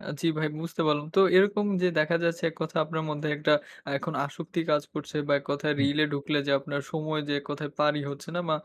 অ্যাঁ জ্বি ভাই বুঝতে পারলাম। তো এরকম যে দেখা যাচ্ছে এক কথা আপনার মধ্যে একটা এখন আসক্তি কাজ করছে বা এক কথায় হুম। রিলে ঢুকলে যে আপনার সময় যে এক কথায় পারই হচ্ছে না মা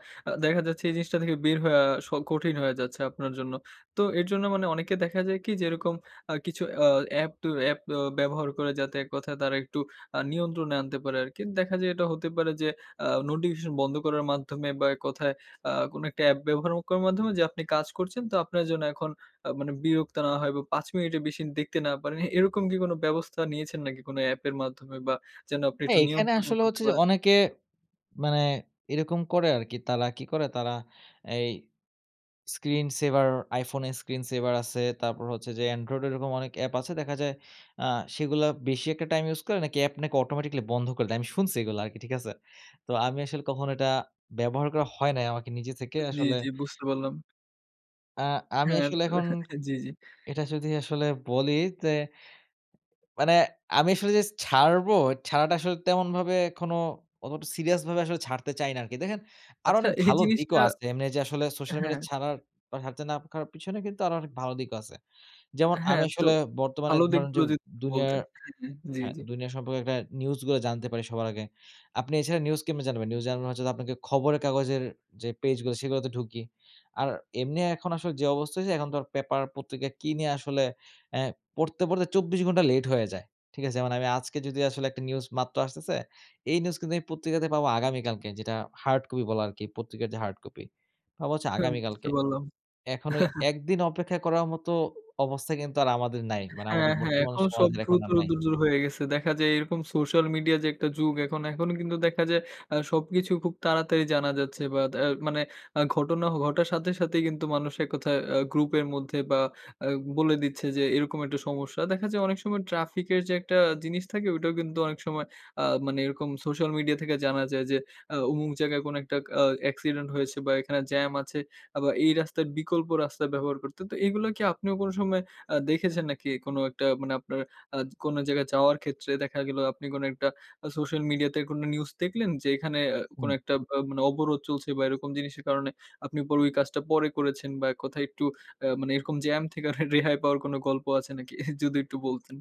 দেখা যাচ্ছে এই জিনিসটা থেকে বের হয়ে আ স কঠিন হয়ে যাচ্ছে আপনার জন্য। তো এর জন্য মানে অনেকে দেখা যায় কি যেরকম আ কিছু অ অ্যাপ, ত অ্যাপ অ ব্যবহার করে যাতে এক কথায় তারা একটু আ নিয়ন্ত্রণে আনতে পারে আরকি। দেখা যায় এটা হতে পারে যে আ নোটিফিকেশন বন্ধ করার মাধ্যমে বা এক কথায় আ কোন একটা অ্যাপ ব্যবহার অ করার মাধ্যমে যা, আপনি কাজ করছেন তো আপনার জন্য এখন আ মানে বিরক্ত না হয় বা ৫ মিনিটের বেশি দেখতে না পারেন। এ এরকম কি কোন ব্যবস্থা নিয়েছেন নাকি কোন অ্যাপের মাধ্যমে বা যেন আপনি একটু হ্যাঁ এখানে নিয়ন্ত্রণ আসলে করতে হচ্ছে যে পারেন? অনেকে মানে এরকম করে আরকি, তালা কি করে তারা এই স্ক্রিন সেভার iPhone এর স্ক্রিন সেভার আছে। তারপর হচ্ছে যে Andriod এরকম অনেক অ্যাপ আছে। দেখা যায় অ্যাঁ সেগুলোর বেশি একটা টাইম ইউজ করলে নাকি অ্যাপ অটোমেটিক্যালি বন্ধ করে দেয়। আমি শুনছি এগুলা আরকি। ঠিক আছে? তো আমি আসলে কখনো এটা ব্যবহার করা হয় নাই আমাকে নিজে থেকে জ্বী, আসলে জ্বী বুঝতে পারলাম। আ আমি হ্যাঁ। আসলে ত এখন জি, জি। এটা যদি আসলে বলি। তে মানে আমি আসলে যে ছ ছাড়বো ছাড়াটা আসলে তেমনভাবে এখনো অতটা সিরিয়াস ভাবে আসলে ছাড়তে চাই না আরকি। দেখেন আরো আচ্ছা অনেক এই ভালো দিকও জিনিসটা আছে। এমনি যে আসলে সোশ্যাল হ্যাঁ। মিডিয়া ছাড়ার, বা ছাড়তে না পারার পিছনে কিন্তু আরো অনেক ভালো দিকও আছে। যেমন আমি হ্যাঁ। তো আসলে বর্তমানে ভালো ধরুন যে দিকগুলো যদি একটু দুনিয়ার বলতেন। হু, হু। জি, হ্যাঁ জি। দুনিয়ার সম্পর্কে একটা নিউজ গুলো জানতে পারি সবার আগে। আপনি এছাড়া নিউজ কেমনে জানবেন? নিউজ জানবার জন্য আপনাকে খবরের কাগজের যে পেজ গুলো সেগুলোতে ঢুকি। আর এমনি এখন আসলে যে অবস্থা হয়েছে এখন তো পেপার পত্রিকা কিনে আসলে এ্যা পড়তে, পড়তে ২৪ ঘন্টা লেট হয়ে যায়। ঠিক আছে? মানে আমি আজকে যদি আসলে একটা নিউজ মাত্র আসতেছে, এই নিউজ কিন্তু আমি পত্রিকাতে পাবো আগামীকালকে যেটা হার্ড কপি বলা আরকি, পত্রিকার যে হার্ড কপি, পাবো হচ্ছে হ্যাঁ, বুঝতে আগামীকালকে। পারলাম। এখনো ১ দিন অপেক্ষা করার মতো অবস্থা কিন্তু আর আমাদের নাই। মানে হ্যাঁ, আমাদের হ্যাঁ। বর্তমান এখন সব সমাজের এখন দ্রুত আর নাই। দূর, দূর হয়ে গেছে। দেখা যায় এরকম সোশ্যাল মিডিয়া যে একটা যুগ এখন, এখন কিন্তু দেখা যায় অ্যাঁ সবকিছু খুব তাড়াতাড়ি জানা যাচ্ছে বা এদ মানে আ ঘটনা অ ঘটার সাথে সাথেই কিন্তু মানুষ এক কথায় আ গ্রুপের মধ্যে বা আ বলে দিচ্ছে যে এরকম একটু সমস্যা। দেখা যায় অনেক সময় ট্রাফিক এর যে একটা জিনিস থাকে ওটাও কিন্তু অনেক সময় অ্যাঁ মানে এরকম সোশ্যাল মিডিয়া থেকে জানা যায় যে আ অমুক জায়গায় কোন একটা অ্যাঁ অ্যাক্সিডেন্ট হয়েছে বা এখানে জ্যাম আছে আ বা এই রাস্তার বিকল্প রাস্তা ব্যবহার করতে। তো এগুলো কি আপনিও কোন সময় অ্যাঁ দেখেছেন নাকি কোন একটা মানে আপনার অ্যাঁ কোন জায়গায় যাওয়ার ক্ষেত্রে দেখা গেল আপনি কোন একটা আ সোশ্যাল মিডিয়া তে কোন নিউজ দেখলেন যে এখানে এ কোন হুম। একটা ব মানে অবরোধ চলছে বা এরকম জিনিসের কারণে আপনি পরে ওই কাজটা পরে করেছেন বা এক কথায় একটু আ মানে এরকম জ্যাম থেকে রেহাই পাওয়ার কোন গল্প আছে নাকি? যদি একটু বলতেন।